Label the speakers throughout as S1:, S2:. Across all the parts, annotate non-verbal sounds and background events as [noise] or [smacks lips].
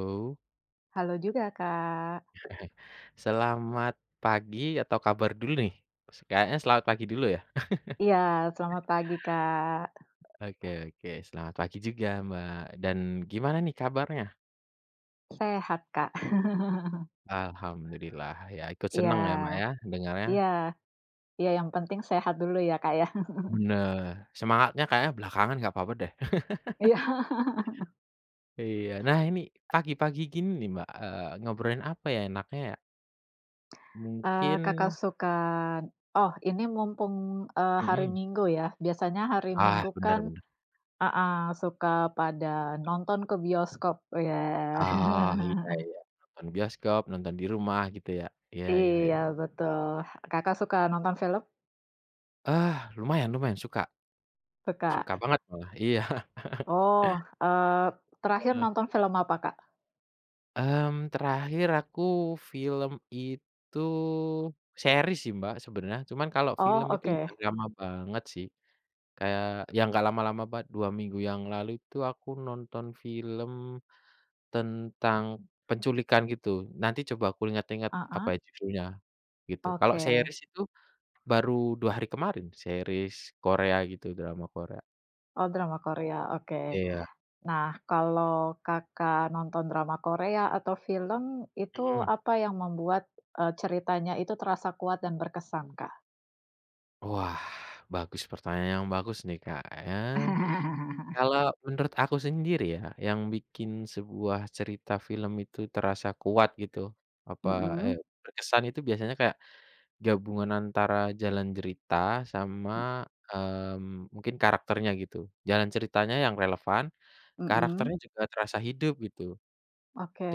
S1: Oh.
S2: Halo juga Kak.
S1: [chuckles] .Selamat pagi atau kabar dulu nih. S kayaknya selamat pagi dulu ya? [chuckles]
S2: Iya, selamat pagi Kak.
S1: Oke oke, selamat pagi juga Mbak. Dan, gimana nih kabarnya?
S2: Sehat Kak. [laughs]
S1: Alhamdulillah ya ikut
S2: Iya,
S1: senang ya Mbak ya, dengarnya.
S2: iya, iya yang penting sehat dulu ya Kak ya. [chuckles]
S1: Benar. Semangatnya kayaknya belakangan enggak apa-apa deh. [laughs]
S2: Iya. [laughs]
S1: Iya. Nah ini, pagi-pagi gini nih Mbak, eee, ngobrolin apa ya enaknya ya?
S2: Eee, Kakak
S1: Mungkin
S2: sukan oh ini mumpung, eee, hari
S1: Mhm.
S2: Minggu ya. Biasanya hari
S1: Ah,
S2: Minggu
S1: benar
S2: kan
S1: benar.
S2: heeh, suka pada nonton ke bioskop ya.
S1: Ah, iya
S2: [chuckles]
S1: iya, nonton bioskop, nonton di rumah gitu ya. Iya ya ya.
S2: Iya, betul. Kakak suka nonton film?
S1: Ah lumayan lumayan suka.
S2: Suka.
S1: Suka banget malah. Iya. [chuckles]
S2: Oh, eee, terakhir
S1: Ah.
S2: nonton film apa Kak?
S1: Mmm terakhir aku film itu series sih Mbak sebenarnya. Cuman kalau film
S2: Oh,
S1: itu
S2: oke.
S1: udah lama banget sih. Kayak ya enggak lama-lama banget, 2 minggu yang lalu itu aku nonton film tentang penculikan gitu. Nanti coba aku inget-inget
S2: Ah
S1: apa ya
S2: hah.
S1: judulnya, gitu. Kalau
S2: Oke.
S1: series itu baru 2 hari kemarin, series Korea gitu, drama Korea.
S2: Oh drama Korea, oke.
S1: Iya.
S2: Nah, kalau Kakak nonton drama Korea atau film itu
S1: Mhm.
S2: apa yang membuat eee ceritanya itu terasa kuat dan berkesan Kak?
S1: Wah, bagus pertanyaan yang bagus nih, Kak ya.
S2: [laughs]
S1: Kalau menurut aku sendiri ya, yang bikin sebuah cerita film itu terasa kuat gitu, apa eee
S2: Mhm.
S1: berkesan itu biasanya kayak gabungan antara jalan cerita sama
S2: Mmm.
S1: mmm mungkin karakternya gitu. Jalan ceritanya yang relevan,
S2: Mhm.
S1: karakternya juga terasa hidup gitu.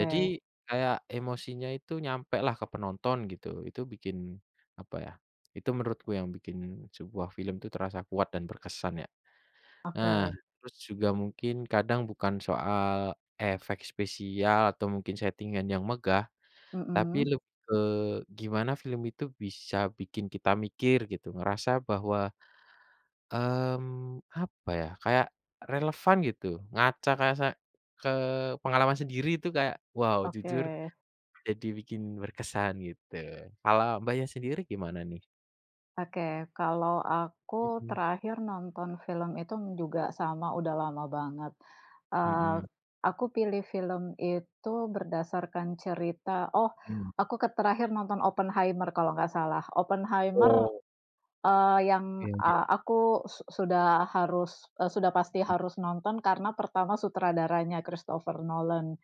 S1: Jadi kayak emosinya itu nyampe lah ke penonton gitu. Itu bikin apa ya, itu menurutku yang bikin sebuah film itu terasa kuat dan berkesan ya. Nah,
S2: Oke.
S1: terus juga mungkin kadang bukan soal efek spesial atau mungkin setting-an yang megah, tapi
S2: Mhm.
S1: lebih ke gimana film itu bisa bikin kita mikir gitu, ngerasa bahwa mmm apa ya kayak relevan gitu, ngaca ke se ke pengalaman sendiri itu kayak wow jujur
S2: Oke.
S1: jadi bikin berkesan gitu. Kalau Mbaknya sendiri gimana nih?
S2: Oke. Kalau aku,
S1: Mhm.
S2: terakhir nonton film itu juga sama, udah lama banget. Eee,
S1: Hmm.
S2: aku pilih film itu berdasarkan cerita oh,
S1: Mmm.
S2: aku ke terakhir nonton Oppenheimer kalau enggak salah. Oppenheimer
S1: Oh.
S2: eee, yang,
S1: Iya ya.
S2: eee, aku su sudah harus, e sudah pasti harus nonton, karena pertama sutradaranya Christopher Nolan.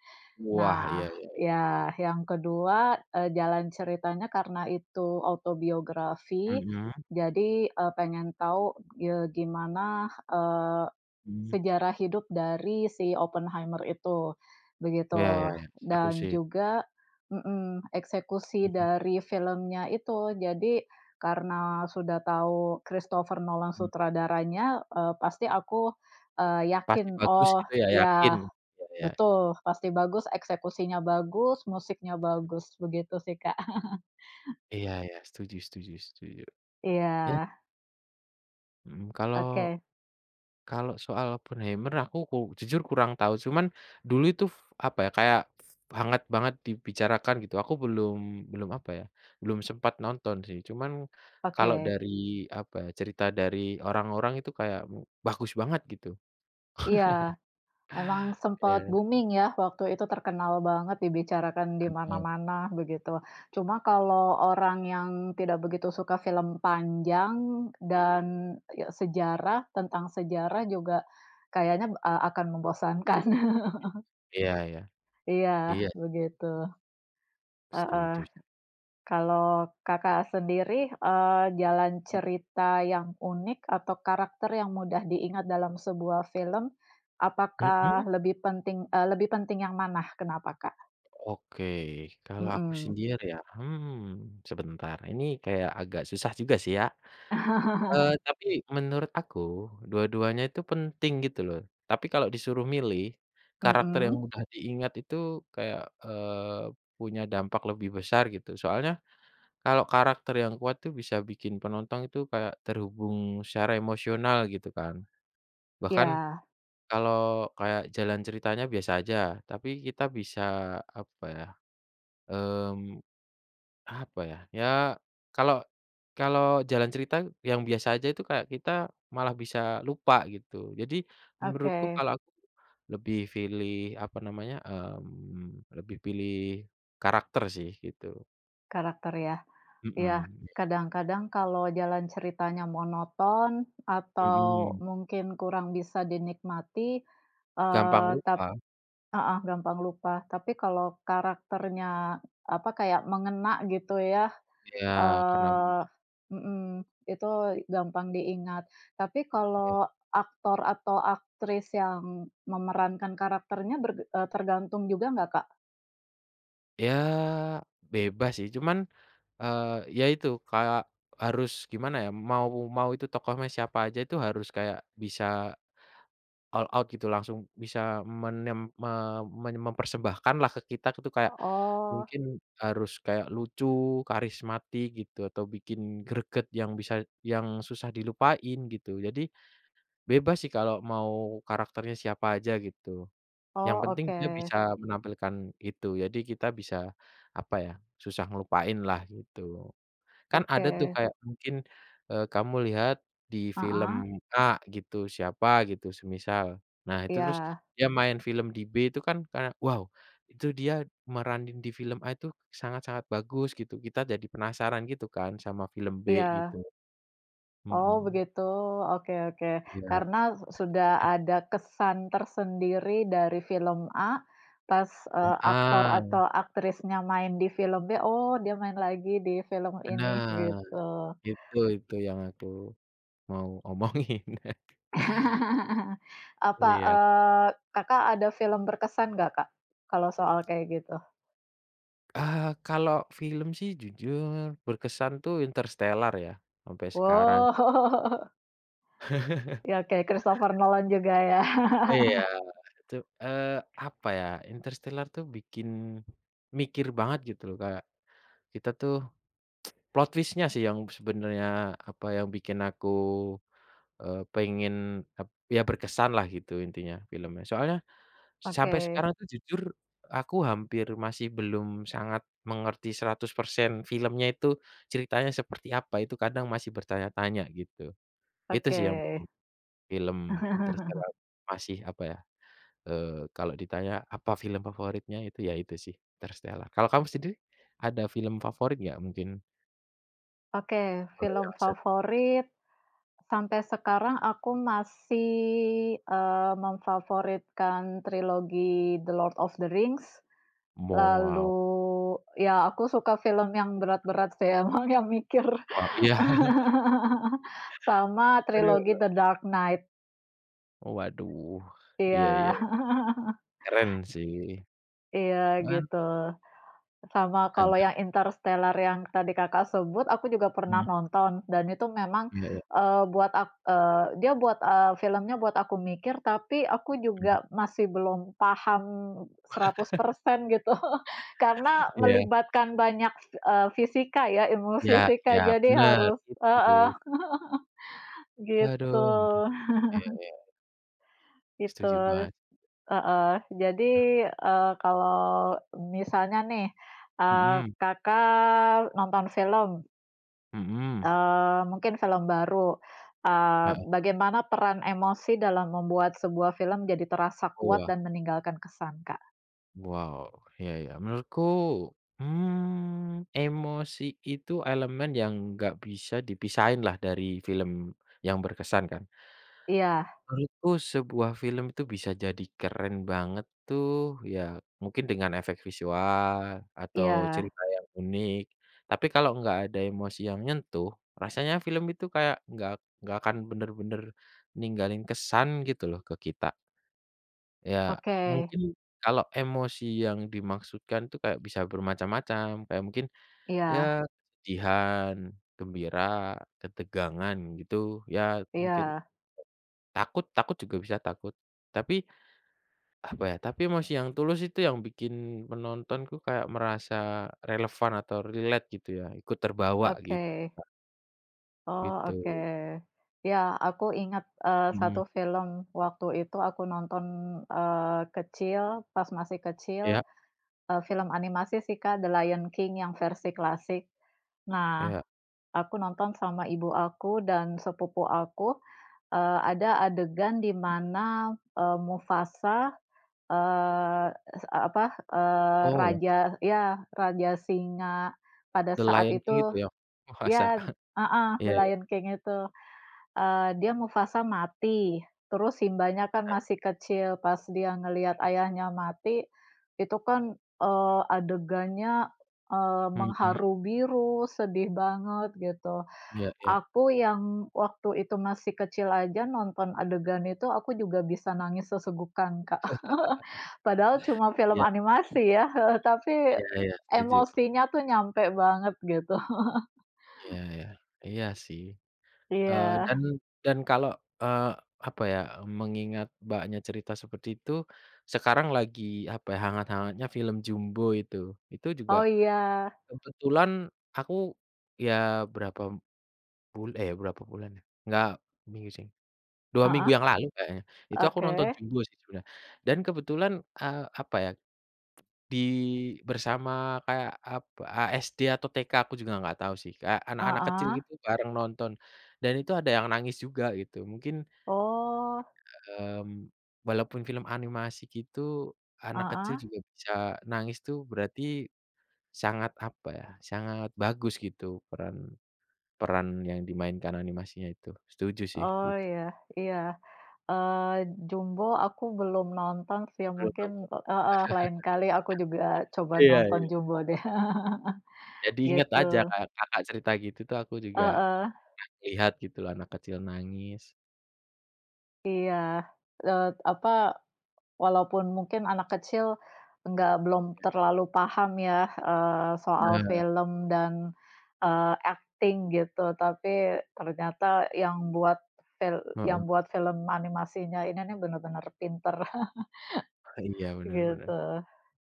S1: Wah,
S2: Nah,
S1: iya iya iya.
S2: ya, yang kedua, e jalan ceritanya karena itu autobiografi,
S1: Mhm?
S2: jadi, e pengen tahu, ye gimana, eee,
S1: Mmm.
S2: sejarah hidup dari si Oppenheimer itu,
S1: Ya ya
S2: begitu.
S1: ya. Seru
S2: Dan
S1: sih.
S2: juga Mhm. Eksekusi
S1: Hmm.
S2: dari filmnya itu, jadi karena sudah tahu Christopher Nolan
S1: Hmm.
S2: sutradaranya, e pasti aku, eee,
S1: Pasti
S2: yakin.
S1: bagus
S2: Oh
S1: gitu ya? Yakin.
S2: ya,
S1: Ya ya.
S2: betul, pasti bagus, eksekusinya bagus, musiknya bagus, begitu sih Kak. [laughs]
S1: Iya ya. Setuju setuju setuju. Ya.
S2: Iya.
S1: Mhm, kalau
S2: Oke.
S1: kalau soal Openheimer, aku ku jujur kurang tahu. Cuman dulu itu, f apa ya, f kayak hangat banget dibicarakan, gitu. Aku belum belum, apa ya, belum sempat nonton, sih. Cuman kalau
S2: Oke.
S1: dari, apa ya, cerita dari orang-orang, itu kayak bagus banget, gitu.
S2: Iya,
S1: [chuckles]
S2: memang sempat
S1: Iya.
S2: booming ya, waktu itu terkenal banget, dibicarakan di
S1: Mhm.
S2: mana-mana, begitu. Cuma kalau orang yang tidak begitu suka film panjang dan
S1: Mhm.
S2: ya sejarah, tentang sejarah juga kayaknya, eee, akan membosankan. [chuckles]
S1: Iya iya.
S2: Iya,
S1: Iya.
S2: begitu. Heeh.
S1: Setuju.
S2: Kalau Kakak sendiri, eee, jalan
S1: Mhm.
S2: cerita yang unik atau karakter yang mudah diingat dalam sebuah film,
S1: Mhm.
S2: apakah lebih pentin eee, lebih penting yang mana, kenapa, Kak?
S1: Oke. Kalau aku
S2: Mhm.
S1: sendiri ya, hmm, sebentar, ini kayak agak susah juga sih, ya. Eee,
S2: [chuckles]
S1: tapi menurut aku, dua-duanya itu penting, gitu loh. Tapi kalau disuruh milih, karakter yang
S2: Mhm.
S1: mudah diingat itu kayak, eee, punya dampak lebih besar, gitu. Soalnya kalau karakter yang kuat itu, bisa bikin penonton itu kayak terhubung secara emosional, gitu kan. Bahkan
S2: Ya.
S1: kalau kayak jalan ceritanya biasa aja, tapi kita bisa, apa ya, mmm, apa ya, ya, kalau kalau jalan cerita yang biasa aja, itu kayak kita malah bisa lupa, gitu. Jadi menurutku
S2: Oke.
S1: kalau aku lebih pilih, apa namanya, mmm, lebih pilih karakter sih, gitu.
S2: Karakter ya, ya
S1: Mhm, iya.
S2: kadang-kadang kalau jalan ceritanya monoton, atau
S1: Mhm.
S2: mungkin kurang bisa dinikmati,
S1: Gampang
S2: eee, tap
S1: lupa.
S2: heeh, gampang lupa, tapi, kalau karakternya apa kayak mengena gitu ya,
S1: Iya, karena
S2: eee mhm, itu gampang diingat. Tapi,
S1: Iya.
S2: kalau aktor atau aktris yang memerankan karakternya ber eee, tergantung juga enggak Kak?
S1: Ya bebas sih, cuman eee, ya itu, kayak harus gimana ya mau mau itu tokohnya siapa aja, itu harus kayak bisa all out gitu langsung bisa menem me meny mempersembahkan lah ke kita itu, kayak
S2: Oh.
S1: mungkin harus kayak lucu, karismatik gitu atau bikin greget yang bisa yang susah dilupain gitu. Jadi, bebas sih, kalau mau karakternya siapa aja gitu. Yang
S2: Oh,
S1: penting dia
S2: oke.
S1: bisa menampilkan itu. Jadi, kita bisa apa ya, susah ngelupain lah gitu. Kan ada tuh
S2: Oke.
S1: kayak mungkin eee, kamu lihat di film
S2: Heeh.
S1: A gitu, siapa gitu, semisal. Nah, itu terus
S2: Iya.
S1: dia main film di B itu kan karena "Wow" itu dia meranin di film A itu sangat-sangat bagus gitu. Kita jadi penasaran gitu kan sama film B gitu
S2: Iya. Oh,
S1: mhm.
S2: begitu, oke oke.
S1: Iya.
S2: Karena sudah
S1: [chuckles]
S2: ada kesan tersendiri dari film A, pas eee, aktor
S1: Heeh.
S2: atau aktrisnya main di film B, oh dia main lagi di film ini,
S1: Benar,
S2: gitu.
S1: itu itu yang aku mau omongin. [chuckles]
S2: [laughs] Apa
S1: Iya.
S2: eee, Kakak, ada film berkesan enggak Kak, kalau soal kayak gitu?
S1: Eh, kalau film sih jujur berkesan itu Interstellar ya, sampai sekarang.
S2: Wow. [laughs] Ya, oke,
S1: [laughs]
S2: Christopher Nolan juga, ya.
S1: Iya,
S2: [chuckles]
S1: itu, eee, apa ya, Interstellar tuh bikin mikir banget, gitu loh. Kayak kita tuh [tsk] plot twist-nya sih, yang sebenarnya, apa yang bikin aku, eee, pengen ap ya, berkesan lah gitu intinya filmnya. Soalnya sampai
S2: Oke.
S1: sekarang itu jujur aku hampir masih belum sangat mengerti 100% filmnya itu, ceritanya seperti apa, itu kadang masih bertanya-tanya, gitu. Itu sih yang
S2: Oke.
S1: bikin film
S2: [chuckles]
S1: Interstellar masih, apa ya, eee, kalau ditanya, "Apa film favoritnya?" itu, ya itu sih, Interstellar. Kalau kamu sendiri, ada film favorit enggak, mungkin?
S2: Oke,
S1: Kalau yang
S2: film
S1: ser
S2: favorit, sampai sekarang aku masih, eee, memfavoritkan trilogi The Lord of the Rings. Lalu,
S1: Wow.
S2: ya, aku suka film yang berat-berat sih, emang yang mikir.
S1: Wah, iya. [chuckles]
S2: [laughs] Sama
S1: Aduh
S2: trilogi
S1: aduh.
S2: The Dark Knight.
S1: Oh, waduh, iya
S2: Iya.
S1: iya.
S2: [chuckles]
S1: Keren sih,
S2: Iya
S1: cuman
S2: gitu, sama kalau
S1: Ada.
S2: yang Interstellar yang tadi Kakak sebut, aku juga
S1: Hmm.
S2: pernah nonton, dan itu memang,
S1: Iya iya.
S2: eee, buat ak eee, dia, eee, buat film-nya buat aku mikir, tapi aku
S1: Mhm.
S2: juga masih belum paham seratus
S1: [chuckles]
S2: persen gitu [chuckles] karena
S1: Iya.
S2: melibatkan banyak, eee, fisika ya, ilmu
S1: Ya
S2: fisika,
S1: ya,
S2: jadi
S1: bener
S2: harus heeh,
S1: itu.
S2: [chuckles]
S1: Aduh,
S2: gitu.
S1: duh. Iya
S2: [chuckles]
S1: iya.
S2: Itu
S1: Setuju banget.
S2: heeh, jadi eee, kalau misalnya nih, eee,
S1: Mhm.
S2: Kakak, nonton film
S1: Mhm.
S2: Eee, mungkin film baru, eee,
S1: Heeh.
S2: bagaimana peran emosi dalam membuat sebuah film jadi terasa kuat
S1: Wah.
S2: dan meninggalkan kesan, Kak?
S1: Wow. Iya iya. Menurutku, mmm, emosi itu elemen yang enggak bisa dipisahin lah dari film yang berkesan kan.
S2: Iya.
S1: Menurutku sebuah film itu bisa jadi keren banget tuh, ya mungkin dengan efek visual atau
S2: Iya.
S1: cerita yang unik. Tapi, kalau enggak ada emosi yang nyentuh, rasanya film itu kayak enggak enggak akan bener-bener ninggalin kesan gitu loh ke kita. Ya,
S2: Oke.
S1: mungkin kalau emosi yang dimaksudkan itu kayak bisa bermacam-macam, kayak mungkin ya
S2: Iya.
S1: kesedihan, gembira, ketegangan, gitu ya mungkin
S2: Iya.
S1: takut takut juga bisa takut. Tapi, apa ya, tapi emosi yang tulus itu yang bikin penonton itu kayak merasa relevan atau relate gitu ya, ikut terbawa gitu.
S2: Oke. Oh, oke.
S1: Gitu.
S2: Ya, aku ingat, eee,
S1: Mhm.
S2: 1 film waktu itu aku nonton, eee, kecil pas masih kecil,
S1: Ya.
S2: eee, film animasi sih, Kak, The Lion King yang versi klasik. Nah,
S1: Iya.
S2: aku nonton sama ibu aku dan sepupu aku, eee, ada adegan di mana, eee, Mufasa, eee, es eee, apa, eee,
S1: Oh.
S2: raja ya raja singa pada
S1: The
S2: saat
S1: Lion King itu
S2: itu
S1: ya? Masa?
S2: ya, heeh,
S1: Iya
S2: The
S1: iya.
S2: Lion King itu, eee, dia Mufasa mati, terus Simba-nya kan
S1: Hmm.
S2: masih kecil, pas dia ngelihat ayahnya mati itu kan, eee, adegannya, eee,
S1: Mhm.
S2: mengharu biru sedih banget gitu.
S1: Iya iya.
S2: Aku yang waktu itu masih kecil aja nonton adegan itu aku juga bisa nangis sesegukan, Kak.
S1: [chuckles]
S2: [chuckles] Padahal cuma film
S1: Iya.
S2: animasi ya, heeh, tapi
S1: Iya iya, setuju.
S2: emosinya itu nyampai banget gitu. [chuckles]
S1: Iya iya. Iya sih. Eee,
S2: Iya.
S1: dan dan kalau, eee, apa ya, mengingat Mbaknya cerita seperti itu sekarang lagi apa ya, hangat-hangatnya film Jumbo itu. Itu juga
S2: Oh, iya.
S1: kebetulan aku ya berapa bul eee, berapa bulan ya, enggak minggu sih, 2 minggu
S2: Heeh,
S1: yang lalu kayaknya. Itu aku nonton
S2: oke.
S1: Jumbo sijula dan kebetulan, eee, apa ya, [smacks lips] di bersama kayak apa, a SD atau TK aku juga enggak tahu sih, kayak anak-anak kecil
S2: Heeh.
S1: gitu bareng nonton, dan itu ada yang nangis juga gitu. Mungkin,
S2: Oh.
S1: mmm, walaupun film animasi gitu, anak kecil
S2: Heeh.
S1: juga bisa nangis tuh berarti sangat apa ya, sangat bagus gitu peran, peran yang dimainkan animasinya itu, setuju sih
S2: Oh,
S1: gitu.
S2: iya iya. Eee, Jumbo aku belum nonton sih ya
S1: Belum
S2: mungkin
S1: nonton.
S2: heeh, lain kali aku juga coba
S1: [chuckles] Iya
S2: nonton
S1: iya.
S2: Jumbo deh, [chuckles]
S1: Jadi inget
S2: gitu.
S1: aja kayak Kakak cerita gitu tuh aku juga,
S2: Heeh.
S1: e lihat gitu loh, anak kecil nangis.
S2: Iya, eee, apa, walaupun mungkin anak kecil enggak belum terlalu paham ya, eee, soal
S1: Nah.
S2: film dan, eee, akting gitu, tapi ternyata yang buat fil yang
S1: Mhm.
S2: buat film animasinya, ini nih benar-benar pintar.
S1: Ah, iya,
S2: [laughs]
S1: bener bener.
S2: Gitu,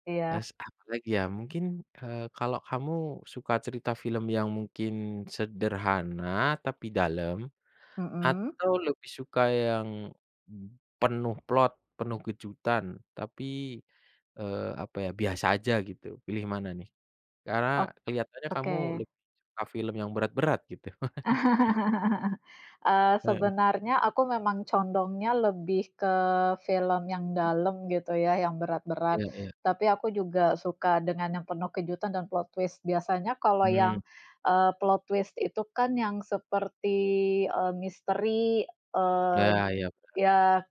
S2: iya.
S1: S apa lagi, ya, mungkin, eee, kalau kamu suka cerita film yang mungkin sederhana tapi dalam,
S2: Mhm.
S1: atau lebih suka yang penuh plot, penuh kejutan, tapi, eee, apa ya, biasa aja, gitu, pilih mana, nih? Karena
S2: Ok
S1: kelihatannya kamu
S2: oke.
S1: lebih suka film yang berat-berat, gitu. [laughs]
S2: [laughs] Eee,
S1: Heeh.
S2: sebenarnya aku memang condongnya lebih ke film yang dalam, gitu ya, yang berat-berat,
S1: Iya iya.
S2: tapi aku juga suka dengan yang penuh kejutan dan plot twist. Biasanya kalau
S1: Mmm.
S2: yang, eee, plot twist itu kan yang seperti, eee, misteri, eee,
S1: Nah, iya bener.
S2: ya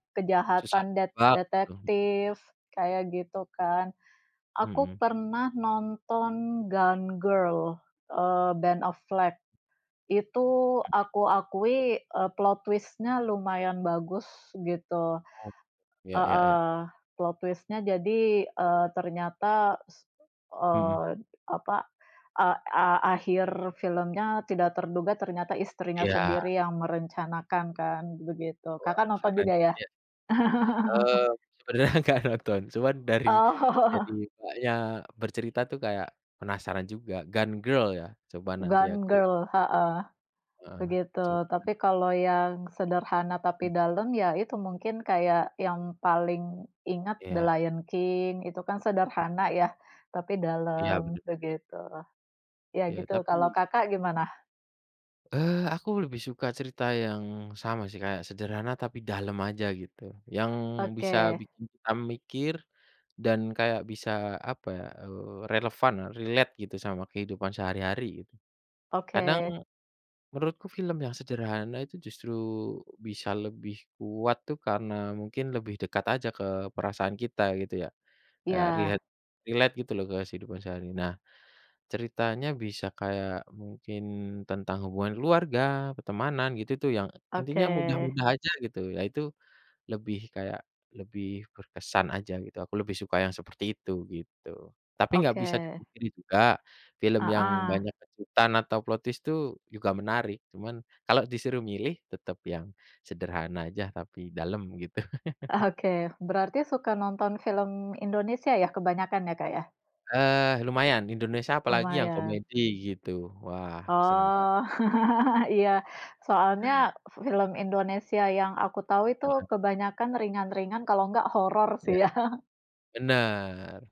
S1: Susah
S2: kejahatan det
S1: ditebak, gitu, mhm.
S2: detektif, kayak gitu, kan. Aku
S1: Mhm.
S2: pernah nonton Gone Girl, eee, Ben Affleck, itu
S1: Mhm.
S2: aku akui, eee, plot twist-nya lumayan bagus, gitu.
S1: Oh. Iya iya ya.
S2: Heeh. Plot twist-nya jadi, eee, ternyata s
S1: Mhm.
S2: eee, apa, eee, a akhir filmnya tidak terduga, ternyata istrinya
S1: Iya.
S2: sendiri yang merencanakan kan, begitu.
S1: Wah,
S2: Kakak nonton
S1: keren
S2: juga, ya?
S1: sih, ya.
S2: [laughs]
S1: Eee, sebenernya enggak nonton, cuma dari
S2: Oh.
S1: dari Kakaknya bercerita itu, kayak penasaran juga Gone Girl ya, coba nanti
S2: Gone
S1: aku
S2: Girl, heeh,
S1: Heeh.
S2: begitu.
S1: Cu
S2: Tapi kalau yang sederhana tapi
S1: Hmm.
S2: dalam ya, itu mungkin kayak yang paling ingat The
S1: Iya.
S2: Lion King, itu kan sederhana ya, tapi
S1: Iya,
S2: dalam,
S1: bener.
S2: begitulah. Ya,
S1: Iya,
S2: gitu, kalau
S1: tapi
S2: Kakak gimana?
S1: Eee aku lebih suka cerita yang sama sih, kayak sederhana tapi dalem aja gitu. Yang bisa
S2: Oke.
S1: bikin kita mikir dan kayak bisa apa ya, eee, relevan, relate gitu sama kehidupan sehari-hari gitu. Kadang,
S2: Oke.
S1: menurutku film yang sederhana itu justru bisa lebih kuat tuh karena mungkin lebih dekat aja ke perasaan kita gitu ya. Ya
S2: Ya.
S1: riet relate gitu loh kehidupan sehari. Nah, ceritanya bisa kayak mungkin tentang hubungan keluarga, pertemanan gitu tuh yang
S2: Oke.
S1: intinya mudah-mudah aja gitu, ya itu lebih kayak lebih berkesan aja gitu. Aku lebih suka yang seperti itu, gitu. Tapi enggak bisa
S2: Oke.
S1: dipungkiri juga, film yang
S2: Heeh.
S1: banyak kejutan atau plot twist itu juga menarik, cuman kalau disuruh milih, tetap yang sederhana aja, tapi dalem gitu. [laughs]
S2: Oke, berarti suka nonton film Indonesia ya, kebanyakan ya Kak ya?
S1: Eee lumayan, Indonesia apalagi yang
S2: Lumayan.
S1: komedi gitu. Wah, senang Mbak.
S2: Oh. [laughs] Iya,
S1: [laughs]
S2: soalnya film Indonesia yang aku tahu itu
S1: Mhm.
S2: kebanyakan ringan-ringan, kalau enggak horor sih
S1: Iya.
S2: ya.
S1: Benar.